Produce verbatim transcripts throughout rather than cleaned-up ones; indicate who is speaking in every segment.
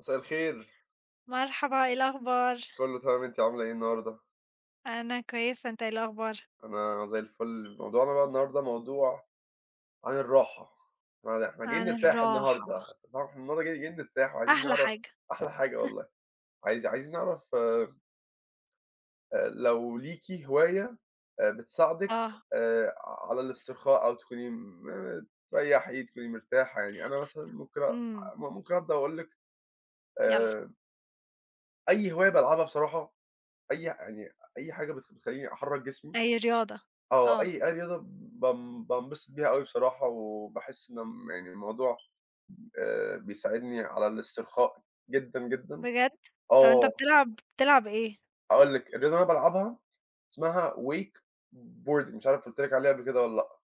Speaker 1: مساء الخير.
Speaker 2: مرحبا، إيه الأخبار؟
Speaker 1: كلّه تمام، أنتِ عاملة إيه النهارده؟
Speaker 2: أنا كويسة، أنت إيه الأخبار؟
Speaker 1: أنا زي الفل. موضوعنا بقى النهارده موضوع عن الراحة. [unintelligible] إحنا جايين
Speaker 2: عن
Speaker 1: نرتاح
Speaker 2: الراحة.
Speaker 1: النهارده. النه النهارده ج جايين نرتاح، وعايزين
Speaker 2: أحلى
Speaker 1: نعر
Speaker 2: حاجة.
Speaker 1: أحلى حاجة والله. عايز عايزين نعرف أ لو ليكِ هواية بتساعدِك
Speaker 2: آه.
Speaker 1: آآ على الاسترخاء، أو تكوني م ممت تريّحي، تكوني مرتاحة. يعني أنا مثلًا ممكن أ
Speaker 2: إمم.
Speaker 1: م ممكن أبدأ وأقول لِك،
Speaker 2: يالّا.
Speaker 1: آآ أي هواية بالعبها بصراحة، أي يعني أي حاجة بت بتخلّيني أحرَّك جسمي.
Speaker 2: أي رياضة.
Speaker 1: آه.
Speaker 2: آه.
Speaker 1: أي أي رياضة ب بان بانبسط بيها أوي بصراحة، وباحس إن م يعني الموضوع آآ بيساعدني على الاسترخاء جدًا، جدًا.
Speaker 2: بجد؟ طب أنت
Speaker 1: آه.
Speaker 2: بتلعب بتلعب إيه؟
Speaker 1: أقول لِك، الرياضة اللى أنا بالعبها، اسمها Wakeboarding. مش عارف قُلت لِك عليها قبل كده، والّا لأ.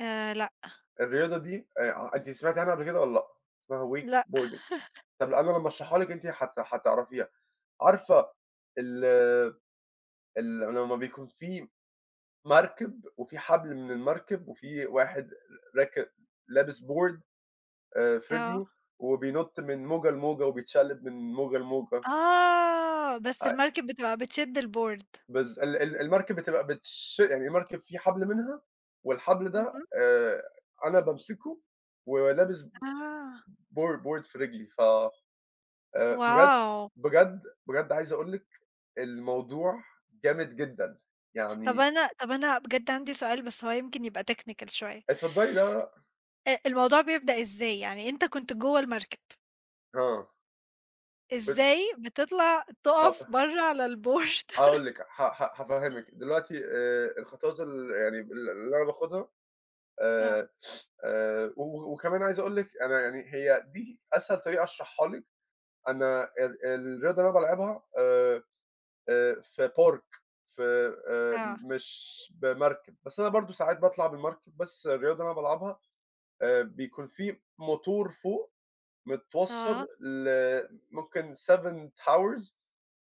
Speaker 2: آآ لأ.
Speaker 1: الرياضة دي، آآ ع أنتِ سمعتي عنها قبل كده، والّا لأ؟ اسمها
Speaker 2: لأ.
Speaker 1: Wakeboarding. طب قبل لمّا أشرحها لِك أنتِ حت حتعرفيها. عارفة ال ال لمّا بيكون في مَركِب، وفي حَبل من المَركِب، وفي واحد ر راكب لابس board آآ في
Speaker 2: آه.
Speaker 1: رِجله، وبينُط من موجة، لموجة، وبيتشقلب من موجة، لموجة.
Speaker 2: آه. بس
Speaker 1: [unintelligible]
Speaker 2: المَركِب بتبقى بتشد الboard.
Speaker 1: بالض ال ال المَركِب بتبقى بتش يعني المَركِب في حَبل منها، والحَبل ده
Speaker 2: اهم.
Speaker 1: آآ أنا بامسكه، و ولابس
Speaker 2: آه.
Speaker 1: bo board في رِجلي. ف آآ بجد
Speaker 2: WOW!
Speaker 1: بجد بجد عايز أقول لِك الموضوع جامد جدًا.
Speaker 2: طب
Speaker 1: يعني
Speaker 2: أنا طب أنا بجد عندي سؤال بس هو يمكن يبقى technical شوية.
Speaker 1: اتفضّلي لا لأ.
Speaker 2: أ الموضوع بيبدأ إزاي؟ يعني أنت كنت جوّه المركب.
Speaker 1: آه. ود
Speaker 2: إزاي بتطلع
Speaker 1: آه،
Speaker 2: تُقف
Speaker 1: فاه
Speaker 2: برّه على الBoard.
Speaker 1: هاقول لِك، ه ه هافهمِك، دلوقتي آآ الخطوات ال يعني ال اللي أنا باخدها،
Speaker 2: آه.
Speaker 1: آآ، آآ، و وكمان عايز أقول لِك أنا يعني هي دي أسهل طريقة أشرحها لِك، أنا ال الرياضة اللي أنا بالعبها آآ، آآ في Park في آآ،
Speaker 2: آه.
Speaker 1: مش بمركب، بس أنا برضه ساعات باطلع بالمركب، بس الرياضة اللي أنا بالعبها، آآ بيكون في موتور فوق
Speaker 2: آه.
Speaker 1: متوصّل ل ممكن seven Powers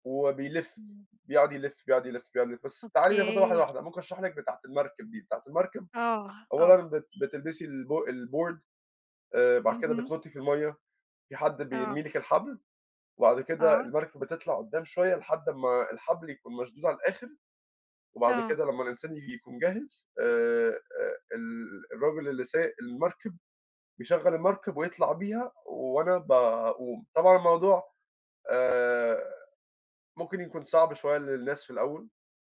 Speaker 1: وبيلف،
Speaker 2: إمم.
Speaker 1: بيقعد يلف، بيقعد يلف، بيقعد يلف، بس تعالي ناخدها واحدة
Speaker 2: أوكي
Speaker 1: واحدة، ممكن أشرح لِك بتاعة المركب دي، بتاعة المركب
Speaker 2: آه،
Speaker 1: أولًا
Speaker 2: آه.
Speaker 1: بت بتلبسي الب الBoard آآ بعد كده
Speaker 2: اهم.
Speaker 1: بتنُطي في المَيّة، في حد
Speaker 2: آه.
Speaker 1: بيرمي لِك الحبل، وبعد كده
Speaker 2: آه.
Speaker 1: المركب بتطلع قدام شوية، لحد ما الحبل يكون مشدود على الآخر، وبعد
Speaker 2: آه.
Speaker 1: كده لما الإنسان ي يكون جاهز آآ ال الراجل اللي سايق المركب بيشغَل المركب ويطلع بيها، و وأنا ب وطبعًا الموضوع آآ ممكن يكون صعب شوية للناس في الأول،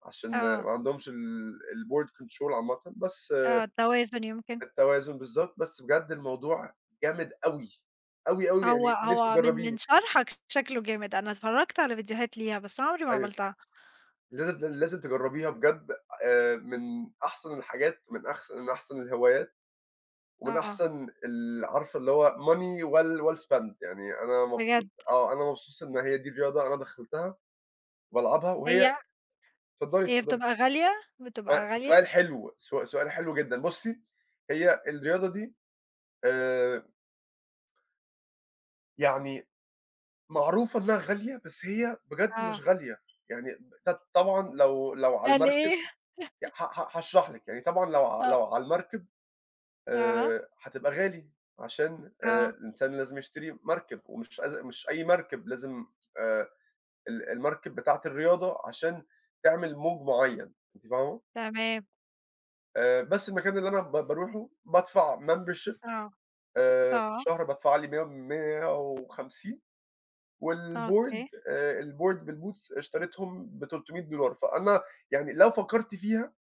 Speaker 1: عشان
Speaker 2: آه.
Speaker 1: ما عندهمش ال الBoard Control عامةً، بس
Speaker 2: آه، التوازن يمكن.
Speaker 1: التوازن بالضبط، بس بجد الموضوع جامد أوي، أوي، أوي
Speaker 2: هو
Speaker 1: يعني نفسي
Speaker 2: هو من من
Speaker 1: تجربيه.
Speaker 2: شرحَك شكلُه جامد، أنا أتفرجت على فيديوهات ليها، بس أنا عمري ما
Speaker 1: أيوه،
Speaker 2: عملتها.
Speaker 1: لازم لازم تجربيها بجد، آآ من أحسن الحاجات، من أحس أحسن الهوايات، ومن
Speaker 2: آه.
Speaker 1: أحسن ال عارفة اللي هو Money well well spend يعني أنا
Speaker 2: بجد.
Speaker 1: مبسوط آه، أنا مبسوط إن هي دي الرياضة أنا دخلتها وبالعبها، وهي
Speaker 2: هي
Speaker 1: اتفضلي،
Speaker 2: هي
Speaker 1: اتفضلي.
Speaker 2: بتبقى غالية،
Speaker 1: سؤ
Speaker 2: بتبقى غالية؟
Speaker 1: سؤال حلو، سو سؤال حلو جدًا، بُصي هي الرياضة دي آآ يعني معروفة إنّها غالية بس هي بجد
Speaker 2: آه.
Speaker 1: مش غالية، يعني ب ط طبعًا لو لو على
Speaker 2: يعني
Speaker 1: المركب
Speaker 2: إيه؟.
Speaker 1: ي ها هاشرح لِك، يعني طبعًا لو ع
Speaker 2: آه.
Speaker 1: لو على المركب
Speaker 2: أها.
Speaker 1: آآ هتبقى غالي عشان آآ
Speaker 2: آه.
Speaker 1: الإنسان لازم يشتري مركب ومش أز مش أي مركب، لازم آآ ال المركب بتاعة الرياضة عشان تعمل موج معيّن، أنتِ فاهمة؟
Speaker 2: تمام.
Speaker 1: آآ بس المكان اللي أنا ب باروحه بادفع membership
Speaker 2: آه
Speaker 1: آآ في
Speaker 2: آه.
Speaker 1: الشهر، بادفع لي ميَّة مِيّة وخمسين، و
Speaker 2: آه
Speaker 1: الboard
Speaker 2: أوكي.
Speaker 1: آآ الboard بالboots اشتريتهم بتُلتُمِيَّة دولار، فأنا يعني لو فكرت فيها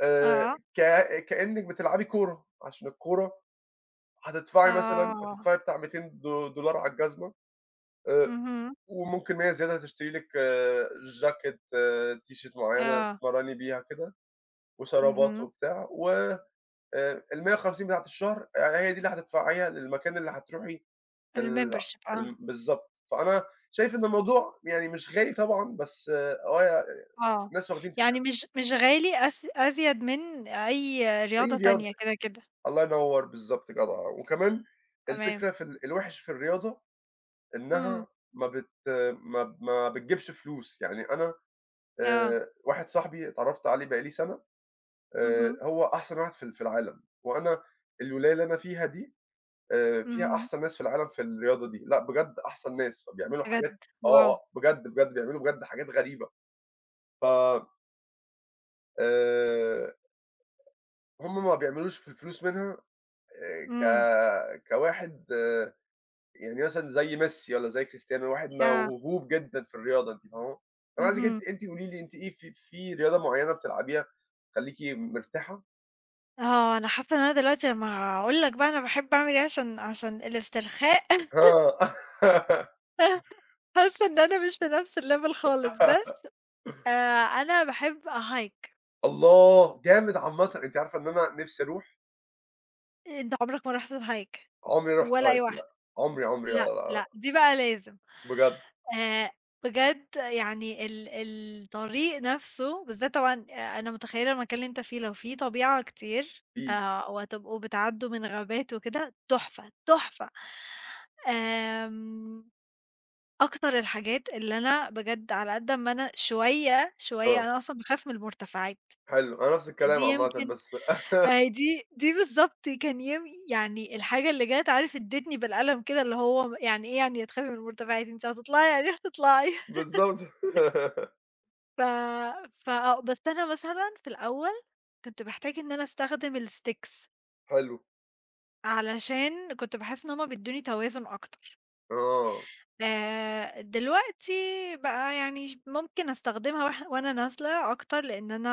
Speaker 1: آآ
Speaker 2: أها.
Speaker 1: ك كأنِك بتلعبي كورة، عشان الكورة هتدفعي مثلًا
Speaker 2: آه.
Speaker 1: هتدفعي بتاع ميتين دو دولار على الجزمة آآ
Speaker 2: اهم.
Speaker 1: وممكن مِيَّة زيادة تشتري لِك چاكيت، تيشيرت معيّنة
Speaker 2: آه.
Speaker 1: تتمرّني بيها كده وشرابات
Speaker 2: اهم.
Speaker 1: وبتاع، و آآ المِيَّة وخمسين بتاعة الشهر يعني هي دي اللي هتدفعيها للمكان اللي هتروحي ال
Speaker 2: الmembership آه.
Speaker 1: ال بالضبط، فأنا شايف إن الموضوع يعني مش غالي طبعًا، بس آه يع
Speaker 2: آه
Speaker 1: ناس واخدين
Speaker 2: يعني
Speaker 1: فكرة
Speaker 2: مش مش غالي أز أزيد من أي
Speaker 1: أي
Speaker 2: رياضة
Speaker 1: رياضة
Speaker 2: تانية كده كده.
Speaker 1: الله ينور بالضبط، جدعة، وكمان
Speaker 2: تمام.
Speaker 1: الفكرة في ال الوحِش في الرياضة إنّها
Speaker 2: إمم.
Speaker 1: ما بت ما ما بتجيبش فلوس، يعني أنا
Speaker 2: آه.
Speaker 1: آآ واحد صاحبي اتعرفت عليه بقى لي سنة آآ
Speaker 2: اهم.
Speaker 1: هو أحسن واحد في ال في العالم، وأنا الولاية اللي أنا فيها دي آآ فيها
Speaker 2: إمم.
Speaker 1: أحسن ناس في العالم في الرياضة دي، لأ بجد أحسن ناس فبيعملوا حاجات،
Speaker 2: بجد
Speaker 1: آه آه
Speaker 2: واو!
Speaker 1: بجد بجد بيعملوا بجد حاجات غريبة ف آآ هم ما بيعملوش في الفلوس منها آآ
Speaker 2: امم.
Speaker 1: ك كواحد آآ يعني مثلًا زي ميسي والّا زي كريستيانو، واحد
Speaker 2: آه.
Speaker 1: موهوب جدًا في الرياضة أنتِ فاهمة؟ طب أنا عايزِك ان
Speaker 2: اهم.
Speaker 1: أنتِ قولي لي أنتِ إيه في في رياضة معيّنة بتلعبيها تخليكِ مرتاحة؟
Speaker 2: آه، أنا حاسّة إن أنا دلوقتي ما هاقول لك بقى أنا باحب أعمل إيه عشان عشان الاسترخاء.
Speaker 1: آه.
Speaker 2: حاسّة إن أنا مش في نفس الlevel خالص، بس آآ أنا باحب أhike.
Speaker 1: الله! جامد عامةً، أنتِ عارفة إن أنا نفسي أروح.
Speaker 2: إيه؟ أنت عمرك ما رُحت الHike؟
Speaker 1: عمري رُحت
Speaker 2: ولا أي
Speaker 1: Hike
Speaker 2: واحدة؟
Speaker 1: لأ عمري، عمري، لأ،
Speaker 2: لأ،
Speaker 1: لأ.
Speaker 2: لأ دي بقى لازم.
Speaker 1: بجد؟
Speaker 2: آآ بجد يعني ال ال الطريق نفسه بالذات طبعًا آآ أنا متخيّلة المكان اللي أنت فيه، لو في طبيعة كتير
Speaker 1: ي
Speaker 2: آآ وهتتبقوا بتعدّوا من غابات وكده تُحفة، تُحفة. آمم أكتر الحاجات اللي أنا بجد على قد ما أنا شويّة، شويّة
Speaker 1: آه.
Speaker 2: أنا أصلًا باخاف من المرتفعات،
Speaker 1: حلو، أنا نفس
Speaker 2: فدي
Speaker 1: الكلام عامةً
Speaker 2: يمكن
Speaker 1: بس
Speaker 2: ما هي دي دي بالضبط كان ينف يعني الحاجة اللي جات عارف أدتني بالقلم كده اللي هو م يعني إيه يعني تخافي من المرتفعات؟ أنت هتطلعي يعني هتطلعي.
Speaker 1: بالضبط.
Speaker 2: ف فآه، بس أنا مثلًا في الأول، كنت باحتاج إن أنا أستخدم الsticks.
Speaker 1: حلو.
Speaker 2: علشان، كنت باحس إن هُم بيدوني توازن أكتر.
Speaker 1: آه.
Speaker 2: آآ دلوقتي، بقى يعني ش ممكن أستخدمها واح وأنا نازلة أكتر، لإن أنا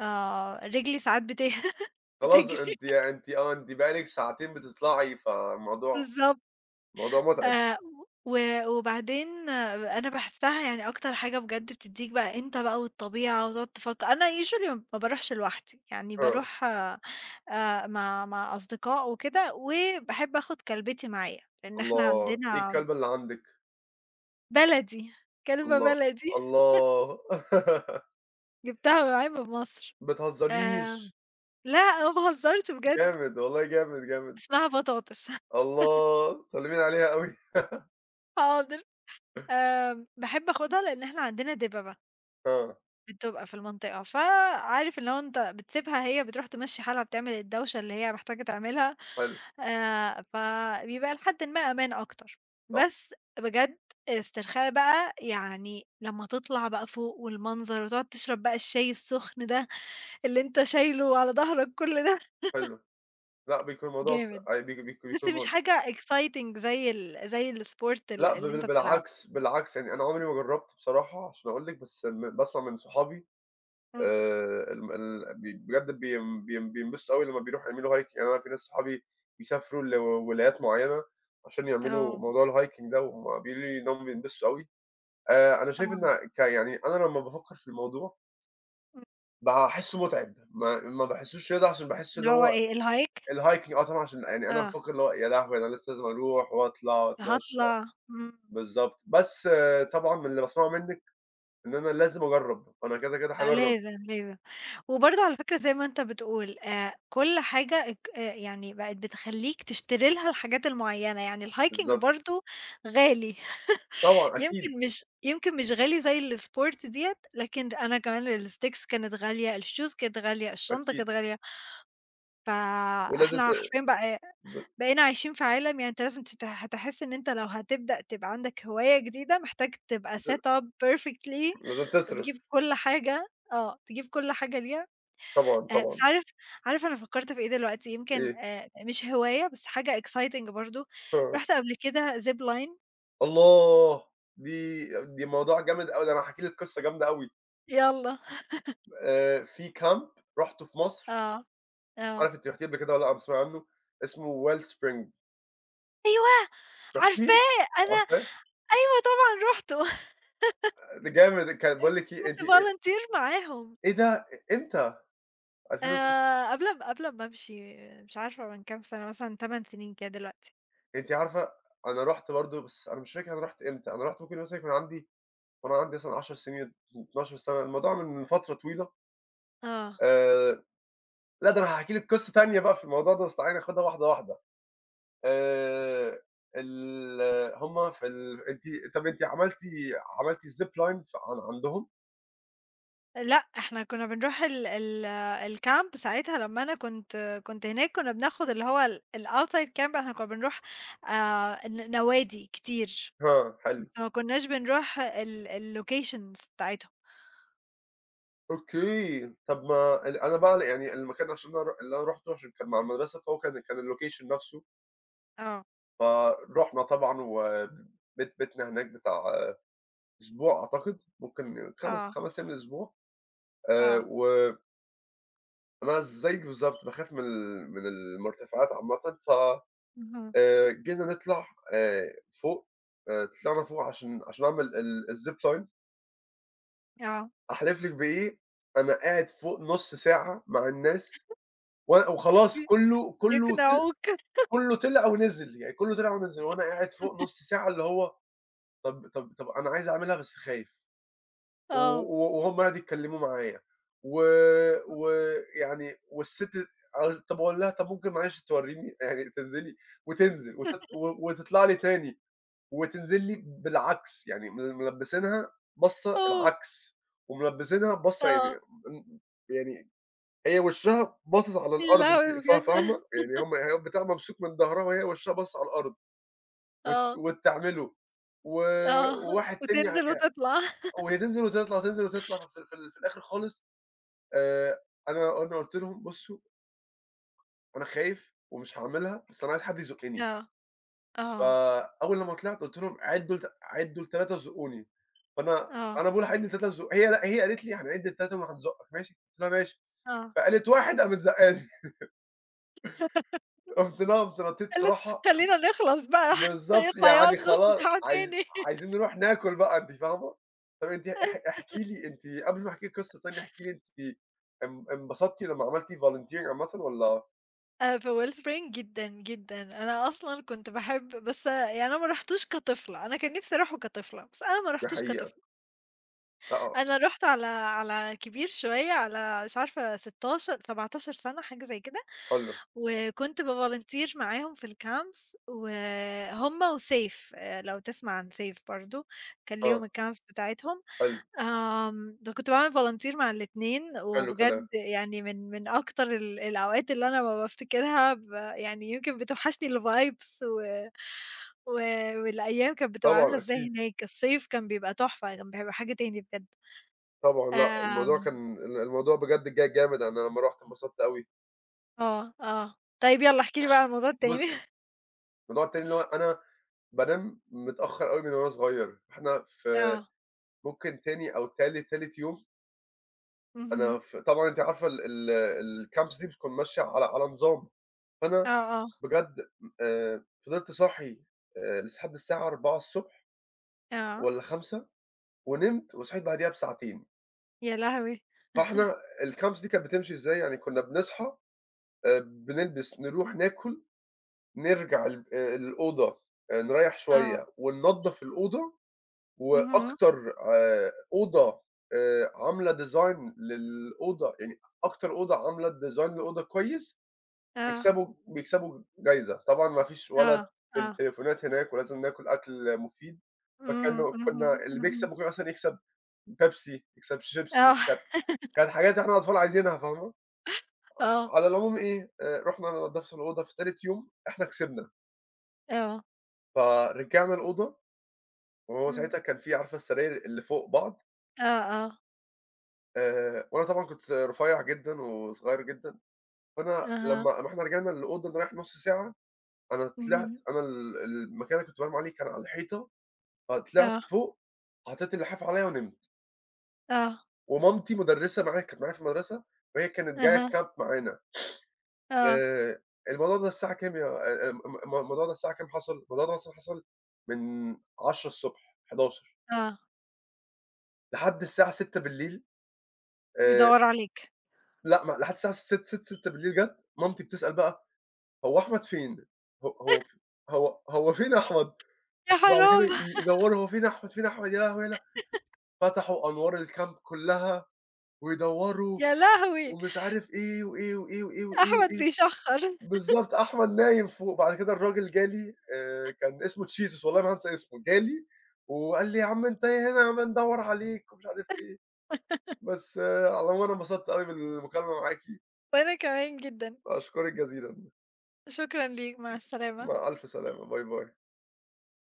Speaker 2: آآ رجلي ساعات بت
Speaker 1: خلاص
Speaker 2: بتجري.
Speaker 1: أنتِ أنتِ آه أنتِ بقى لِك ساعتين بتطْلعي، فالموضوع
Speaker 2: بالضبط.
Speaker 1: الموضوع متعب.
Speaker 2: آآ و وبعدين أنا باحسها، يعني أكتر حاجة بجد بتديك بقى أنت بقى والطبيعة وتقعد تفكر، أنا Usually م ما باروحش لوحدي، يعني
Speaker 1: آه.
Speaker 2: باروح آآ مع مع أصدقاء وكده، وباحب آخد كلبتي معايا، لإن إحنا
Speaker 1: الله! إيه
Speaker 2: عندنا
Speaker 1: الكلبة اللي عندِك؟
Speaker 2: بلدي. كلبة
Speaker 1: الله،
Speaker 2: بلدي.
Speaker 1: الله!
Speaker 2: جِبتها معايا من مصر.
Speaker 1: ما
Speaker 2: آمم،
Speaker 1: تهزريش!
Speaker 2: لأ ما باهزرش بجد.
Speaker 1: جامد، والله جامد، جامد.
Speaker 2: اسمها بطاطس.
Speaker 1: الله! سلِّمي لي عليها أوي.
Speaker 2: حاضر. آمم، باحب آخدها لإن إحنا عندنا دببة.
Speaker 1: آه.
Speaker 2: بتبقى في المنطقة، فعارف اللي هو أنت بتسيبها هي بتروح تمشّي حالها، بتعمل الدوشة اللي هي محتاجة تعملها،
Speaker 1: حلو.
Speaker 2: آآ فبيبقى لحدٍ ما أمان أكتر،
Speaker 1: صح.
Speaker 2: بس بجد استرخاء بقى، يعني لمّا تطلع بقى، فوق والمنظر وتقعد تشرب بقى الشاي السخن ده، اللي أنت شايله على ضهرك كل ده...
Speaker 1: حلو لأ بيكون موضوع
Speaker 2: جامد، لسّه مش
Speaker 1: [unintelligible]
Speaker 2: حاجة exciting زي ال زي الsport
Speaker 1: لأ
Speaker 2: اللي
Speaker 1: ب
Speaker 2: اللي أنت بتلعبه.
Speaker 1: بالعكس بالعكس، يعني أنا عمري ما جرّبت بصراحة عشان أقول لِك بس م باسمع من صحابي،
Speaker 2: امم.
Speaker 1: آآ ال م ال ب بجد بين بين بينبسطوا أوي لمّا بيروحوا يعملوا Hike، أنا في ناس صحابي بيسافروا لولايات معيّنة عشان يعملوا
Speaker 2: آه.
Speaker 1: موضوع الhiking ده وهم بيقولوا لي إن هم بينبسطوا أوي، آآ أنا شايف إن
Speaker 2: آه.
Speaker 1: ك يعني أنا لمّا بافكّر في الموضوع
Speaker 2: امم.
Speaker 1: باحسه متعب، ما ما باحسوش رياضة، عشان باحس
Speaker 2: اللي
Speaker 1: إن
Speaker 2: هو
Speaker 1: هو
Speaker 2: إيه الhike؟
Speaker 1: الhiking آه طبعًا عشان يعني أنا
Speaker 2: آه.
Speaker 1: بافكّر اللي هو يا لهوي أنا لسّه لازم أروح وأطلع وأتمشى،
Speaker 2: هاطلع، امم.
Speaker 1: بالضبط، بس طبعًا من اللي باسمعه مِنّك إن أنا لازم أجرّب، أنا كده كده
Speaker 2: لأ،
Speaker 1: هاجرّب.
Speaker 2: لازم لازم، وبرضو على فكرة زي ما أنت بتقول، آآ كل حاجة أك آآ يعني بقت بتخليك تشتري لها الحاجات المعيّنة، يعني الhiking
Speaker 1: بالضب
Speaker 2: برضو غالي،
Speaker 1: طبعًا أكيد.
Speaker 2: يمكن مش يمكن مش غالي زي الsport دِيَّة، لكن أنا كمان الsticks كانت غالية، الshoes كانت غالية، الشنطة
Speaker 1: أكيد.
Speaker 2: كانت غالية،
Speaker 1: ولازم ت
Speaker 2: فإحنا حرفيًا بقى ي
Speaker 1: ب
Speaker 2: بقينا عايشين في عالم يعني أنت لازم تت هتحس إن أنت لو هتبدأ تبقى عندك هواية جديدة محتاج تبقى
Speaker 1: ت
Speaker 2: set up perfectly
Speaker 1: لازم
Speaker 2: وتجيب
Speaker 1: تصرف.
Speaker 2: كل حاجة، آه تجيب كل حاجة ليها،
Speaker 1: طبعًا
Speaker 2: آآ بس
Speaker 1: طبعًا.
Speaker 2: عارف عارف أنا فكرت في إيه دلوقتي؟ يمكن
Speaker 1: إيه؟
Speaker 2: آآ مش هواية بس حاجة exciting برضو،
Speaker 1: آه.
Speaker 2: رُحت قبل كده zip line
Speaker 1: الله دي دي موضوع جامد أوي، ده أنا هاحكي لِك قصّة جامدة أوي.
Speaker 2: يالّا.
Speaker 1: آآ في كامب رُحته في مصر
Speaker 2: آه
Speaker 1: مش
Speaker 2: آه.
Speaker 1: عارف أنتِ رحتيه قبل كدة والّا لأ، بتسمعي عنّه اسمه Well Spring.
Speaker 2: أيوه.
Speaker 1: رُحتيه؟
Speaker 2: عارفاه أنا
Speaker 1: عارفاه؟
Speaker 2: أيوه طبعًا رُحته..
Speaker 1: ده جامد ك
Speaker 2: [unintelligible]
Speaker 1: باقول لكِ إيه
Speaker 2: كنتُ
Speaker 1: دي إ
Speaker 2: volunteer معاهم.
Speaker 1: إيه ده إمتى؟ ألفين و [unintelligible]
Speaker 2: آآ قبل قبل أما امشي مش عارفة من كام سنة مثلًا تمن سنين كده دلوقتي.
Speaker 1: أنتِ عارفة أنا رحت برضو بس أنا مش فاكر أنا رُحت إمتى، أنا رُحت ممكن مثلًا يكون عندي وأنا عندي مثلًا عشر سنين، اتناشر سنة اتناشر سنة، الموضوع من فترة طويلة.
Speaker 2: آه.
Speaker 1: آآ لا ده أنا هاحكي لِك قصّة تانية بقى في الموضوع ده، بس تعالي ناخدها واحدة واحدة. آآ ال همّ في ال أنتِ طب أنتِ عملتِ عملتِ ziplines عن عندهم؟
Speaker 2: لأ إحنا كنّا بنروح ال ال الcamp ساعتها لمّا أنا كنت كنت هناك كنّا بناخد اللي هو ال الoutside camp، إحنا كنّا بنروح آآ ن نوادي كتير
Speaker 1: آه حلو.
Speaker 2: بس ما كناش بنروح ال الlocations بتاعتهم.
Speaker 1: أوكي، طب ما أن أنا بقى يعني المكان عشان أنا رُح اللي أنا رُحته عشان كان مع المدرسة، فهو كان كان اللوكيشن نفسه
Speaker 2: آه.
Speaker 1: فرُحنا طبعًا، وبيت بيتنا هناك بتاع أسبوع أعتقد، ممكن خمس
Speaker 2: آه.
Speaker 1: خمس أيّام لأسبوع. آآ،
Speaker 2: آه.
Speaker 1: و أنا زيّك بالضبط باخاف من ال من المُرتفعات عامةً، ف
Speaker 2: اهم.
Speaker 1: آآ جينا نطلع آآ فوق، آآ طلعنا فوق عشان عشان نعمل ال الZipline.
Speaker 2: آه.
Speaker 1: أحلف لِك بإيه، أنا قاعد فوق نص ساعة مع الناس، و وخلاص
Speaker 2: امم،
Speaker 1: كُلّه، كُلّه ط
Speaker 2: بيقنعوك.
Speaker 1: كُلّه طلع ونزِل، يعني كُلّه طلع ونزِل، وأنا قاعد فوق نص ساعة اللي هو طب طب طب أنا عايز أعملها بس خايف، و
Speaker 2: آه.
Speaker 1: و وهُم قعدوا يتكلموا معايا، و
Speaker 2: [unintelligible]
Speaker 1: ويعني والست طب أقول لها طب ممكن معلش توريني يعني تنزلي وتنزل وت و وتطلع لي تاني، وتنزل لي بالعكس، يعني مل ملبسينها باصة
Speaker 2: آه.
Speaker 1: العكس، وملبسينها باصة يعني
Speaker 2: آه
Speaker 1: ان يعني هي وشها باصص على
Speaker 2: يا
Speaker 1: الأرض
Speaker 2: لهوي
Speaker 1: أنتِ فا
Speaker 2: بجد!
Speaker 1: فاهمة؟ يعني هُم البتاع ممسوك من ضهرها، وهي وشها باصص على الأرض. وت
Speaker 2: آه.
Speaker 1: وت تعملُه، و
Speaker 2: آه
Speaker 1: وواحد تاني يع
Speaker 2: وتنزل وتطلع.
Speaker 1: وهي تنزل وتطلع وتنزل وتطلع، في ال في ال في الآخر خالص آآ أنا أنا قُلت لهم بصوا أنا خايف ومش هاعملها، بس أنا عايز حد يزُقني.
Speaker 2: آه، آه.
Speaker 1: فأوّل لما طلعت، قُلت لهم عِدّوا لت عِدّوا لتلاتة وزقوني، فأنا
Speaker 2: آه.
Speaker 1: أنا باقول هاعِد لتلاتة وازُق هي لأ، هي قالت لي هنعد لتلاتة وهنزوقك ماشي؟ قُلت لها ماشي،
Speaker 2: آه.
Speaker 1: فقالت واحد قامت زقاني. رُحت نا قومت نطيت
Speaker 2: قالت
Speaker 1: بصراحة
Speaker 2: خلينا نخلص بقى
Speaker 1: بالضبط،
Speaker 2: هيطلع
Speaker 1: يعني
Speaker 2: يقعد نص
Speaker 1: خلا
Speaker 2: ساعة
Speaker 1: عايز
Speaker 2: تاني.
Speaker 1: عايزين نِرُوح ناكل بقى أنتِ فاهمة؟ طيّب أنتِ اح
Speaker 2: [unintelligible]
Speaker 1: احكي لي أنتِ قبل ما أحكي لِك قصّة تانية، احكي لي أنتِ ان انبسطتِ لمّا عملتِ Volunteering عامةً والّا؟
Speaker 2: آآ، فWellspring جدًا، جدًا، أنا أصلًا كنت باحب بس يعني أنا ما رحتوش كطفلة، أنا كان نفسي أروحه كطفلة، بس أنا ما
Speaker 1: دي
Speaker 2: رحتوش
Speaker 1: حقيقة.
Speaker 2: كطفلة.
Speaker 1: أ آه.
Speaker 2: أنا رُحت على على كبير شوية، على مش عارفة ستاشر، سبعتاشر سنة حاجة زي كده،
Speaker 1: حلو.
Speaker 2: وكنت بVolunteer معاهم في الCamps، وهم وسيف، آآ لو تسمع عن سيف برضه، كان
Speaker 1: آه.
Speaker 2: ليهم الCamps بتاعتهم،
Speaker 1: حلو.
Speaker 2: آمم ده كنت باعمل Volunteer مع الاتنين،
Speaker 1: حلو كلام.
Speaker 2: وبجد يعني من من أكتر ال الأوقات، اللي أنا لما بافتكرها ب يعني يمكن بتوحشني الVibes و و والأيام كانت بتبقى عاملة
Speaker 1: طبعًا
Speaker 2: إزاي
Speaker 1: أكيد.
Speaker 2: هناك، الصيف كان بيبقى تحفة، كان بيبقى حاجة تاني بجد.
Speaker 1: طبعًا لأ، الموضوع
Speaker 2: آمم
Speaker 1: كان ال الموضوع بجد جه جامد، أنا لما رُحت انبسطت أوي.
Speaker 2: آه، آه، طيب يلّا احكِ لي بقي عن الموضوع التاني.
Speaker 1: بُصي، الموضوع التاني اللي هو أنا بانام متأخر أوي من وأنا صغير، فإحنا في
Speaker 2: آه.
Speaker 1: ممكن تاني أو تالت تالت يوم
Speaker 2: اهم.
Speaker 1: أنا ف طبعًا أنتِ عارفة ال ال الCamps دي بتكون ماشية على على نظام،
Speaker 2: آه،
Speaker 1: فأنا
Speaker 2: آه.
Speaker 1: بجد آآ فضلت صاحي آآ لس حد الساعة أربعة الصبح،
Speaker 2: آه.
Speaker 1: والّا خمسة ونمت وصحيت بعديها بساعتين.
Speaker 2: يا لهوي!
Speaker 1: فاحنا الكامبس دي كانت بتمشي إزاي؟ يعني كنّا بنصحى آآ بنلبس، نروح ناكل، نرجع ال الأوضة، أ نريّح
Speaker 2: آه.
Speaker 1: شوية، وننضّف الأوضة،
Speaker 2: اهم.
Speaker 1: وأكتر آآ أوضة آآ عاملة design للأوضة يعني أكتر أوضة عاملة design للأوضة كويس،
Speaker 2: آه.
Speaker 1: بيكسبوا بيكسبوا جايزة. طبعًا ما فيش ولا
Speaker 2: آه،
Speaker 1: التل
Speaker 2: آه.
Speaker 1: التليفونات هناك، ولازم ناكل أكل مفيد.
Speaker 2: إمم.
Speaker 1: فكانوا
Speaker 2: اهم،
Speaker 1: كنّا اللي بيكسب
Speaker 2: اهم.
Speaker 1: ممكن أصلًا يكسب بيبسي، يكسب شيبسي.
Speaker 2: آه.
Speaker 1: كانت كانت حاجات إحنا الاطفال عايزينها فاهمة؟ أ
Speaker 2: آه.
Speaker 1: على العموم إيه، آآ رُحنا أنا نضّفت الأوضة في تالت يوم، إحنا كسبنا.
Speaker 2: آه.
Speaker 1: فرجعنا الأوضة، وهو
Speaker 2: إمم.
Speaker 1: ساعتها كان في عارفة السراير اللي فوق بعض؟
Speaker 2: آه، آه.
Speaker 1: آآ وأنا طبعًا كنت س رُفيّع جدًا، وصغير جدًا. فأنا
Speaker 2: أها.
Speaker 1: لمّا رحنا رجعنا للأوضة نريّح نُص ساعة، أنا طلعت
Speaker 2: اهم.
Speaker 1: أنا ال المكان اللي كنت بانام عليه كان على الحيطة، ف طلعت
Speaker 2: آه.
Speaker 1: فوق حطّيت اللحاف عليّا، ونمت.
Speaker 2: آه.
Speaker 1: ومامتي مُدرّسة معايا، كانت معايا في المدرسة، وهي كانت جاية
Speaker 2: أها.
Speaker 1: الكامب معانا.
Speaker 2: آه.
Speaker 1: آآ الموضوع ده الساعة كام يا آآ ام الم الموضوع ده الساعة كام حصل؟ الموضوع دا مثلًا حصل من عشرة الصبح، حداشر
Speaker 2: آه.
Speaker 1: لحد الساعة ستة بالليل. آآ
Speaker 2: بيدوّر عليك.
Speaker 1: لأ، ما لحد الساعة س ست ست ستة بالليل جات. مامتي بتسأل بقى: "هو أحمد فين؟ ه هو ف هو هو فين أحمد؟"
Speaker 2: يا
Speaker 1: وبعد كده
Speaker 2: حرام
Speaker 1: ي يدوّروا، هو فين أحمد، فين أحمد، يا لهوي، يا له فتحوا أنوار الكامب كُلّها، ويدوّروا،
Speaker 2: يا لهوي!
Speaker 1: ومش عارف إيه، وإيه، وإيه، وإيه، وإيه،
Speaker 2: أحمد
Speaker 1: وإيه.
Speaker 2: بيشَخّر.
Speaker 1: بالضبط أحمد نايم فوق. بعد كده الراجل جا لي، آآ كان اسمه اتشيتوس والله ما هانسى اسمه. جا لي، وقال لي: "يا عم أنت يا هنا بندوّر عليك، ومش عارف إيه. بس على العموم أنا انبسطت أوي من المكالمة معاكِ.
Speaker 2: وأنا كمان جدًا.
Speaker 1: أشكُرِك جزيلًا.
Speaker 2: شكرًا ليك، مع السلامة.
Speaker 1: مع ألف سلامة. باي، باي.